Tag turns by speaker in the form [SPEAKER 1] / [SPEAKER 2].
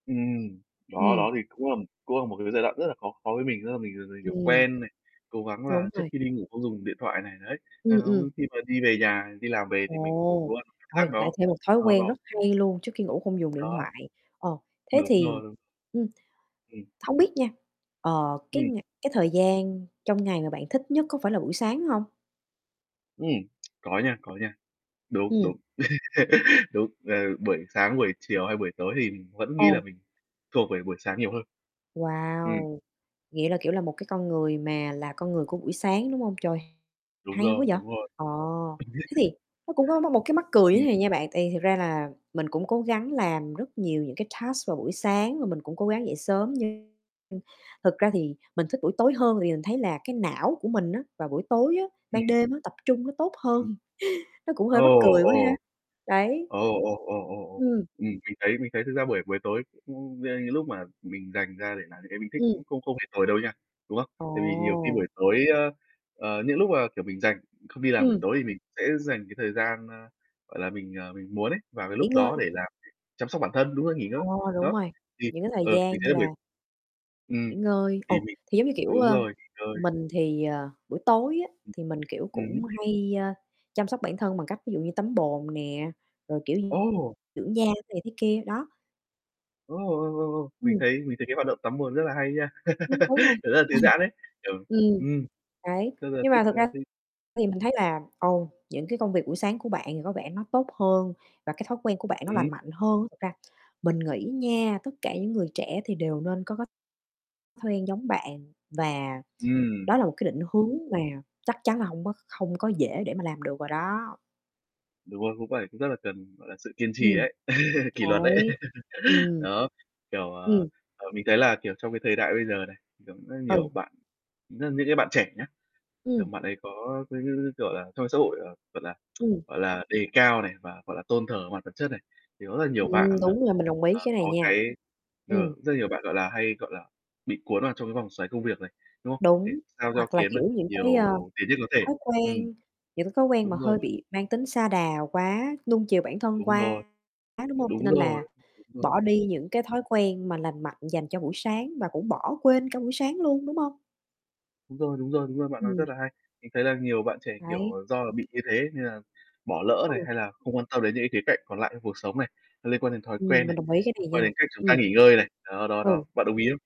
[SPEAKER 1] Ừm. Đó,
[SPEAKER 2] Ừm.
[SPEAKER 1] đó thì cũng là cũng là một cái giai đoạn rất là khó khó với mình, tức là mình [unintelligible] kiểu,
[SPEAKER 2] Ừm.
[SPEAKER 1] quen này, cố gắng là
[SPEAKER 2] Đúng
[SPEAKER 1] trước
[SPEAKER 2] rồi.
[SPEAKER 1] khi đi ngủ không dùng điện thoại này, đấy,
[SPEAKER 2] Ừm, ừm.
[SPEAKER 1] [unintelligible] khi mà đi về nhà, đi làm về thì mình ngủ
[SPEAKER 2] Ồ,
[SPEAKER 1] luôn, cảm giác
[SPEAKER 2] rồi lại
[SPEAKER 1] nó
[SPEAKER 2] thêm một thói
[SPEAKER 1] nó
[SPEAKER 2] quen
[SPEAKER 1] nó
[SPEAKER 2] rất hay luôn trước khi ngủ không dùng điện
[SPEAKER 1] Đó.
[SPEAKER 2] thoại, ờ, thế
[SPEAKER 1] Đúng
[SPEAKER 2] thì,
[SPEAKER 1] rồi.
[SPEAKER 2] ừm
[SPEAKER 1] Ừm.
[SPEAKER 2] hông biết nha, ờ, cái
[SPEAKER 1] Ừm.
[SPEAKER 2] ngày cái thời gian trong ngày mà bạn thích nhất có phải là buổi sáng hông?
[SPEAKER 1] Ừm, có nha, có nha. Đúng,
[SPEAKER 2] Ừm.
[SPEAKER 1] đúng. Đúng, ờ, buổi sáng, buổi chiều hay buổi tối thì mình vẫn nghĩ là
[SPEAKER 2] Ồ.
[SPEAKER 1] mình thuộc về buổi sáng nhiều hơn. Ừm.
[SPEAKER 2] Wow! Nghĩa là, kiểu là, một cái con người mà là con người của buổi sáng, đúng hông? Trời,
[SPEAKER 1] Đúng
[SPEAKER 2] hay quá
[SPEAKER 1] rồi,
[SPEAKER 2] vậy!
[SPEAKER 1] đúng rồi.
[SPEAKER 2] Ờ, thế thì nó cũng có mắc một cái mắc cười như thế
[SPEAKER 1] Ừm.
[SPEAKER 2] này nha bạn, tại vì thật ra là mình cũng cố gắng làm rất nhiều những cái task vào buổi sáng và mình cũng cố gắng dậy sớm nhưng nhưng thực ra thì mình thích buổi tối hơn tại vì mình thấy là cái não của mình á, vào buổi tối á ban
[SPEAKER 1] Ừm.
[SPEAKER 2] đêm á tập trung nó tốt hơn,
[SPEAKER 1] Ừm.
[SPEAKER 2] nó cũng
[SPEAKER 1] Ồ,
[SPEAKER 2] hơi mắc cười quá ha,
[SPEAKER 1] ồ.
[SPEAKER 2] đấy.
[SPEAKER 1] Ồ, ồ, ồ, ồ, ồ.
[SPEAKER 2] Ừm.
[SPEAKER 1] Ừm, mình thấy mình thấy thực ra buổi buổi tối cũng [unintelligible] những lúc mà mình dành ra để làm những cái mình thích
[SPEAKER 2] Ừm.
[SPEAKER 1] cũng không không hề tồi đâu nha đúng không? Tại vì nhiều khi
[SPEAKER 2] Ồ!
[SPEAKER 1] buổi tối ơ, ờ, những lúc mà, kiểu, mình rảnh, không đi làm buổi
[SPEAKER 2] Ừm.
[SPEAKER 1] tối thì mình sẽ dành cái thời gian, ơ, gọi là mình, ờ, mình muốn ấy vào cái
[SPEAKER 2] Nghỉ
[SPEAKER 1] lúc đó
[SPEAKER 2] ngơi.
[SPEAKER 1] để làm [unintelligible] chăm sóc bản thân, đúng rồi, nghỉ ngơi,
[SPEAKER 2] Ờ, đúng
[SPEAKER 1] đó.
[SPEAKER 2] rồi,
[SPEAKER 1] Thì,
[SPEAKER 2] những cái thời
[SPEAKER 1] ờ,
[SPEAKER 2] gian
[SPEAKER 1] mình
[SPEAKER 2] như
[SPEAKER 1] thấy buổi
[SPEAKER 2] là
[SPEAKER 1] ừm,
[SPEAKER 2] nghỉ ngơi,
[SPEAKER 1] thì
[SPEAKER 2] ồ,
[SPEAKER 1] mình
[SPEAKER 2] thì, giống như, kiểu,
[SPEAKER 1] đúng
[SPEAKER 2] ơ,
[SPEAKER 1] rồi, nghỉ ngơi.
[SPEAKER 2] mình thì, ờ, buổi tối á
[SPEAKER 1] Ừm.
[SPEAKER 2] thì mình kiểu
[SPEAKER 1] Ừm
[SPEAKER 2] cũng
[SPEAKER 1] hứm.
[SPEAKER 2] hay, ơ, chăm sóc bản thân bằng cách ví dụ như tắm bồn nè, rồi, kiểu, d
[SPEAKER 1] Ồ!
[SPEAKER 2] dưỡng da này thế kia, đó.
[SPEAKER 1] Ô, ồ, ồ, ồ. Mình
[SPEAKER 2] Ừm.
[SPEAKER 1] thấy mình thấy cái hoạt động tắm bồn rất là hay nha.
[SPEAKER 2] Ừm, đúng rồi.
[SPEAKER 1] Kiểu rất là thư giãn ấy, kiểu,
[SPEAKER 2] ừm,
[SPEAKER 1] ừm,
[SPEAKER 2] đấy,
[SPEAKER 1] rất là
[SPEAKER 2] nhưng
[SPEAKER 1] thích
[SPEAKER 2] mà
[SPEAKER 1] ờ,
[SPEAKER 2] thực ra
[SPEAKER 1] thư
[SPEAKER 2] thì mình thấy là, ồ, những cái công việc buổi sáng của bạn thì có vẻ nó tốt hơn và cái thói quen của bạn nó
[SPEAKER 1] Ừm hứm.
[SPEAKER 2] lành mạnh hơn. Thật ra mình nghĩ nha, tất cả những người trẻ thì đều nên có cái quen giống bạn và
[SPEAKER 1] Ừm.
[SPEAKER 2] đó là một cái định hướng mà chắc chắn là hông có kh hông có dễ để mà làm được rồi đó.
[SPEAKER 1] Đúng rồi, cũng phải cũng rất là cần, gọi là, sự kiên trì
[SPEAKER 2] Ừm,
[SPEAKER 1] ấy, kỷ luật đấy.
[SPEAKER 2] đấy, ừm.
[SPEAKER 1] Đó, kiểu, ờ,
[SPEAKER 2] Ừm.
[SPEAKER 1] ờ, mình thấy là, kiểu, trong cái thời đại bây giờ này, như kiểu, rất nhiều
[SPEAKER 2] Ừ.
[SPEAKER 1] bạn rất những cái bạn trẻ nhá, kiểu,
[SPEAKER 2] Ừm.
[SPEAKER 1] bạn ấy có cái cái cái, kiểu là trong xã hội, ờ, gọi là,
[SPEAKER 2] Ừm.
[SPEAKER 1] gọi là, đề cao này, và, gọi là, tôn thờ mặt vật chất này thì có rất là nhiều
[SPEAKER 2] Ừm,
[SPEAKER 1] bạn là,
[SPEAKER 2] đúng rồi, mình đồng ý
[SPEAKER 1] à,
[SPEAKER 2] cái này
[SPEAKER 1] có
[SPEAKER 2] nha,
[SPEAKER 1] cái ờ,
[SPEAKER 2] Ừm.
[SPEAKER 1] rất là nhiều bạn, gọi là, hay gọi là, bị cuốn vào trong cái vòng xoáy công việc này, đúng không? Để
[SPEAKER 2] Đúng,
[SPEAKER 1] sao cho
[SPEAKER 2] hoặc là
[SPEAKER 1] kiếm
[SPEAKER 2] kiểu
[SPEAKER 1] được
[SPEAKER 2] những
[SPEAKER 1] nhiều
[SPEAKER 2] cái, ờ,
[SPEAKER 1] tiền nhất có thể.
[SPEAKER 2] thói
[SPEAKER 1] Ừm.
[SPEAKER 2] quen, những cái thói quen mà
[SPEAKER 1] Đúng rồi.
[SPEAKER 2] hơi bị mang tính sa đà quá, nuông chiều bản thân
[SPEAKER 1] Đúng rồi,
[SPEAKER 2] quá, đúng hông? Cho
[SPEAKER 1] đúng
[SPEAKER 2] nên là
[SPEAKER 1] rồi, đúng rồi.
[SPEAKER 2] bỏ đi những cái thói quen mà lành mạnh dành cho buổi sáng và cũng bỏ quên cả buổi sáng luôn, đúng hông?
[SPEAKER 1] Đúng rồi, đúng rồi, đúng rồi, bạn nói
[SPEAKER 2] Ừm.
[SPEAKER 1] rất là hay. Mình thấy là nhiều bạn trẻ, kiểu,
[SPEAKER 2] Đấy.
[SPEAKER 1] ờ, do là bị như thế nên là bỏ lỡ này
[SPEAKER 2] Ừ.
[SPEAKER 1] hay là không quan tâm đến những cái khía cạnh còn lại trong cuộc sống này, nó liên quan đến thói quen
[SPEAKER 2] Ừm, mình
[SPEAKER 1] này,
[SPEAKER 2] đồng ý cái
[SPEAKER 1] liên
[SPEAKER 2] này
[SPEAKER 1] quan
[SPEAKER 2] nha,
[SPEAKER 1] đến cách chúng ta
[SPEAKER 2] ừm.
[SPEAKER 1] nghỉ ngơi này. Đó, đó, đó,
[SPEAKER 2] Ừ.
[SPEAKER 1] bạn đồng ý không?